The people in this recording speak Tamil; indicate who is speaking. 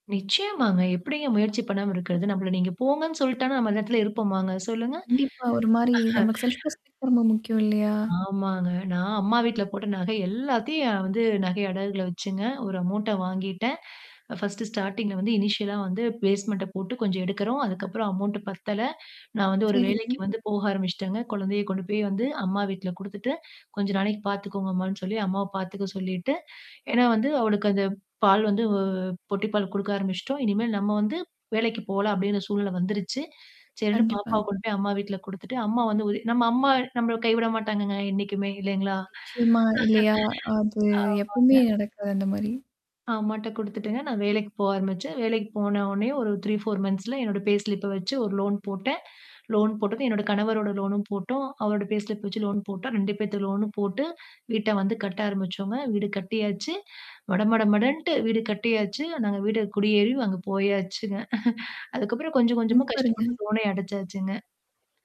Speaker 1: நிச்சயமாங்க. எப்படிங்க முயற்சி பண்ணாம இருக்கிறது. நம்மள நீங்க போங்கன்னு சொல்ட்டனா, நம்ம அந்த இடத்துல இருப்போமாங்க சொல்லுங்க.
Speaker 2: கண்டிப்பா. ஒரு மாரி நமக்கு செல்ஃப்
Speaker 1: அஹ.
Speaker 2: ரெஸ்பெக்ட் ரொம்ப முக்கியம் இல்லையா?
Speaker 1: ஆமாங்க. நான் அம்மா வீட்ல போட்ட நகை எல்லாத்தையும் வந்து நகை அடகுகள்ல வச்சுங்க. ஒரு அமௌன்ட்ட வாங்கிட்டேன். ஃபர்ஸ்ட் ஸ்டார்டிங்ல வந்து இனிஷியலா வந்து பேஸ்மெண்ட போட்டு கொஞ்சம் எடுக்குறோம். அதுக்கப்புறம் அமௌண்ட் பத்தல, நான் வந்து ஒரு வேலைக்கு
Speaker 2: சரிங்க.
Speaker 1: வந்து போக ஆரம்பிச்சுட்டேங்க. குழந்தைய கொண்டு போய் வந்து அம்மா வீட்ல குடுத்துட்டு, "கொஞ்சம் நாளைக்கு பார்த்துக்கோங்க அம்மான்னு" சொல்லி, அம்மாவ பார்த்துக்க சொல்லிட்டு, ஏன்னா வந்து அவளுக்கு அந்த பால் வந்து பொட்டி பால் குடுக்க ஆரம்பிச்சுட்டோம். இனிமேல் நம்ம வந்து வேலைக்கு போலாம் அப்டின்ற சூழ்நில வந்துருச்சு. சரின்னு பாப்பாவ
Speaker 2: கண்டிப்பாங்க.
Speaker 1: கொண்டு போய் அம்மா வீட்ல குடுத்துட்டு, அம்மா வந்து உ நம்ம அம்மா நம்மள கைவிட மாட்டாங்கங்க என்னைக்குமே இல்லைங்களா?
Speaker 2: நிச்சயமா இல்லையா? அது
Speaker 1: ஆமாங்க.
Speaker 2: எப்பவுமே நடக்காது அந்த மாரி?
Speaker 1: அம்மாட்ட குடுத்துட்டுங்க. நான் வேலைக்கு போக ஆரம்பிச்சேன். வேலைக்கு போன உனே ஒரு 3, 4 மந்த்ஸ்ல என்னோட பேஸ்லிப்ப வச்சு ஒரு லோன் போட்டேன். லோன் போட்டதும் என்னோட கணவரோட லோனும் போட்டோம். அவரோட பேஸ்லிப் வச்சு லோன் போட்டோம் 2 பேத்து லோனும் போட்டு வீட்ட வந்து கட்ட ஆரம்பிச்சோங்க. வீடு கட்டியாச்சு, மட மட மடன்ட்டு வீடு கட்டியாச்சு, நாங்க வீடு குடியேறி அங்க போயாச்சுங்க. அதுக்கப்புறம் கொஞ்சம் கொஞ்சமா
Speaker 2: சூப்பருங்க.
Speaker 1: கஷ்டப்பட்டு லோனையே அடைச்சாச்சுங்க.